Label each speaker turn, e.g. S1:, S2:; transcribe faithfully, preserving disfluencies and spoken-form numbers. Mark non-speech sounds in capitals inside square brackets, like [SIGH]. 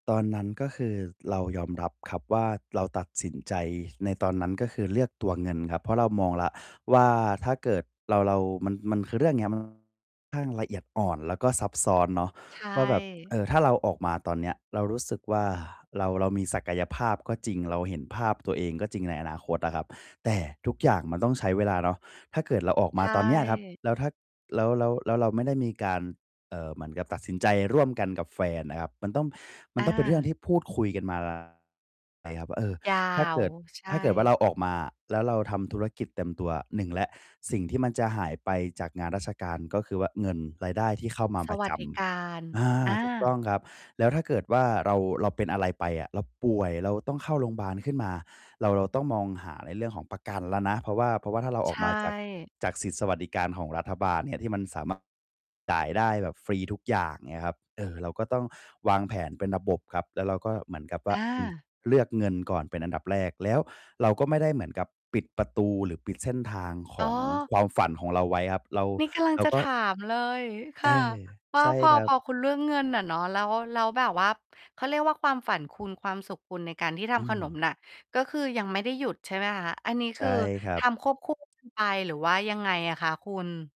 S1: ตอนนั้น ก็คือ ร เรายอมรับ ครับว่า เราตัดสินใจในตอนนั้น ก็คือเลือกตัวเงินครับ เพราะเรามองแล้วว่า ถ้าเกิดเรา เรามัน มันคือเรื่องเนี้ย มัน ค่อนข้างละเอียดอ่อน แล้วก็ซับซ้อนเนาะ
S2: ใช
S1: ว่า แบบ เ
S2: ่
S1: ออ ถ้าเราออกมาตอนเนี้ย เรารู้สึกว่า เรา เรามีศักยภาพก็จริง เราเห็นภาพตัวเองก็จริงในอนาคตอะครับ แต่ทุกอย่างมันต้องใช้เวลาเนาะ ถ้าเกิดเราออก
S2: ใช
S1: มาตอนเนี้ยครับ
S2: ่
S1: แล้วถ้า แล้ว แล้ว แล้วเราไม่ได้มีการ เอ่อ เหมือนกับตัดสินใจร่วมกันกับแฟนอะครับ มันต้อง มั
S2: อ
S1: นต้อง เป็นเรื่อง
S2: า
S1: ที่พูดคุยกัน มา [UNINTELLIGIBLE] ครับ เอ่อ
S2: ยา
S1: ถ้าเก
S2: ว
S1: ิด
S2: ใช
S1: ถ
S2: ่
S1: ้าเกิดว่าเราออกมาแล้วเราทำธุรกิจเต็มตัว หนึ่ง แล้ว สิ่งที่มันจะหายไปจากงานราชการ ก็คือว่าเงิน รายได้ที่เข้ามา
S2: ส
S1: ประ
S2: วั
S1: จ
S2: สดิการ
S1: ำ อา
S2: อ
S1: ถูกต
S2: า
S1: ้องครับ แล้วถ้าเกิดว่าเรา เราเป็นอะไรไปอะ เราป่วย เราต้องเข้าโรงพยาบาลขึ้นมา เรา เราต้องมองหาในเรื่องของประกันแล้วนะ เพราะว่า เพราะว่า ถ้าเราอ
S2: ใช
S1: อกมาจาก
S2: ่
S1: จากสิทธิ์สวัสดิการของรัฐบาลเนี่ย ที่มัน สามารถ จ่ายได้แบบฟรีทุกอย่างเงี้ยครับ เออ เราก็ต้องวางแผนเป็นระบบครับ แล้วเราก็เหมือนกับว่
S2: อ
S1: า อืม
S2: า
S1: เลือกเงินก่อนเป็นอันดับแรก แล้วเราก็ไม่ได้เหมือนกับปิดประตู หรือปิดเส้นทางข
S2: อ๋
S1: อง
S2: อ
S1: ความฝันของเราไว้ครับ เรา
S2: นี่กำลั
S1: เ
S2: ง
S1: รา
S2: จะ
S1: ก็
S2: ถามเลยค
S1: เออ
S2: ่ะ ว่
S1: ใ
S2: า
S1: ช่
S2: พอ
S1: ครั
S2: พ
S1: บ
S2: อคุณ เรื่องเงินน่ะเนาะ แล้ว แล้วแบบว่าเขาเรียกว่าความฝัน คุณ ความสุขคุณในการที่ท
S1: อื
S2: ำขนม
S1: ม
S2: น่ะ ก็คือยังไม่ได้หยุด ใช่ไหมคะ อันนี้
S1: ใช
S2: ค
S1: ่
S2: ือ
S1: ครั
S2: ท
S1: บ
S2: ำควบ คู่ กันไป หรือว่ายังไงอะคะคุณ?